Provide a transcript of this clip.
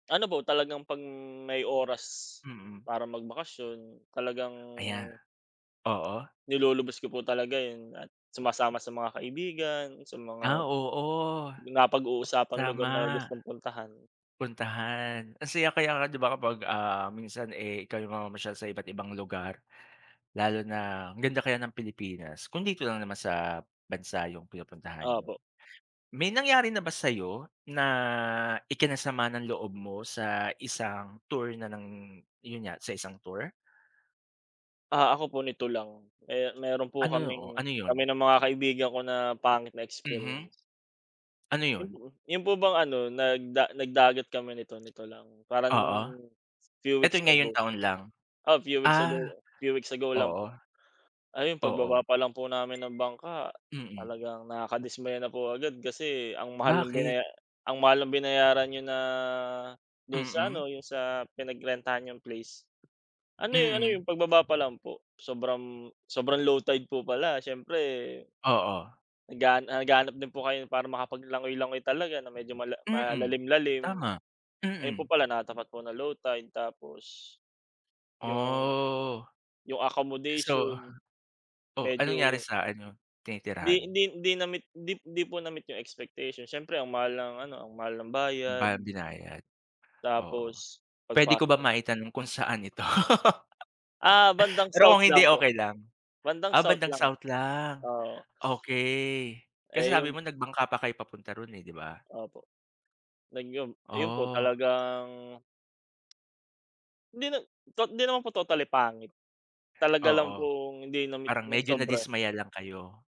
Ano po talagang 'pag may oras, Mm. para magbakasyon talagang Aya. oo. nilulubos ko po talaga yung sumasama sa mga kaibigan, sa mga Ah, oo. napag-uusapang lugar na Tama. gustong puntahan. Puntahan. Ang saya kaya nga di ba, kapag, ah, minsan, eh, ikaw yung mamamasyal sa iba't ibang lugar. Lalo na ang ganda kaya ng Pilipinas. Kung dito lang naman sa bansa yung pinupuntahan niyo. Opo. May nangyari na ba sa'yo na ikinasama ng loob mo sa isang tour na ng yun nga, sa isang tour? Ah, ako po nito lang, eh, meron po Ano? kaming Ano kami yun? ng mga kaibigan ko na pangit na Mhm. experience. Ano yun? Mhm. Yung po bang ano, nag da nag dagat kami nito nito lang. Parang, Oo. few weeks Ito'y ago. ngayong taon lang? Ah, few weeks ago Ah. few weeks ago lang Oo. po. Ayun pagbaba Oo. pa lang po namin ng bangka, Mm. talagang nakakadismaya na po agad kasi ang mahal ng Bakit? binaya ang mahal ng binayaran niyo na, do'n sa Mm. ano, yung sa pinagrentahan niyong place. Ano eh, ano Mm. yung pagbaba pa lang po, sobrang sobrang low tide po pala, siyempre Oo. naghan naghahanap din po kayo para makapag langoy-langoy talaga na medyo mala Mm. malalim lalim. Tama. Ayun po Mm. pala natapat po na low tide, tapos, yung Oh. yung So accommodation, oh, anong nangyari medyo sa ano, 'di tinitirhan? 'di 'di na-meet 'di 'di po na meet yung expectation, siyempre ang mahal ng ano, ang mahal ng bayad. Ba binayad, oo. Tapos Puwede ko ba pagpasok maitanong kung saan ito? Ah, bandang Pero South kung hindi, lang po. okey lang. Bandang Ah, South bandang lang. South lang, Oo. okey. Kasi Eh, sabi yung mo nag bangka pa kayo papunta roon eh, di ba? Opo. Nag yun yun po, Oh. talagang Hindi na tot hindi naman po totally pangit, talaga lang Oo. pong hindi na-meet Parang ng medyo sobra. nadismaya lang kayo.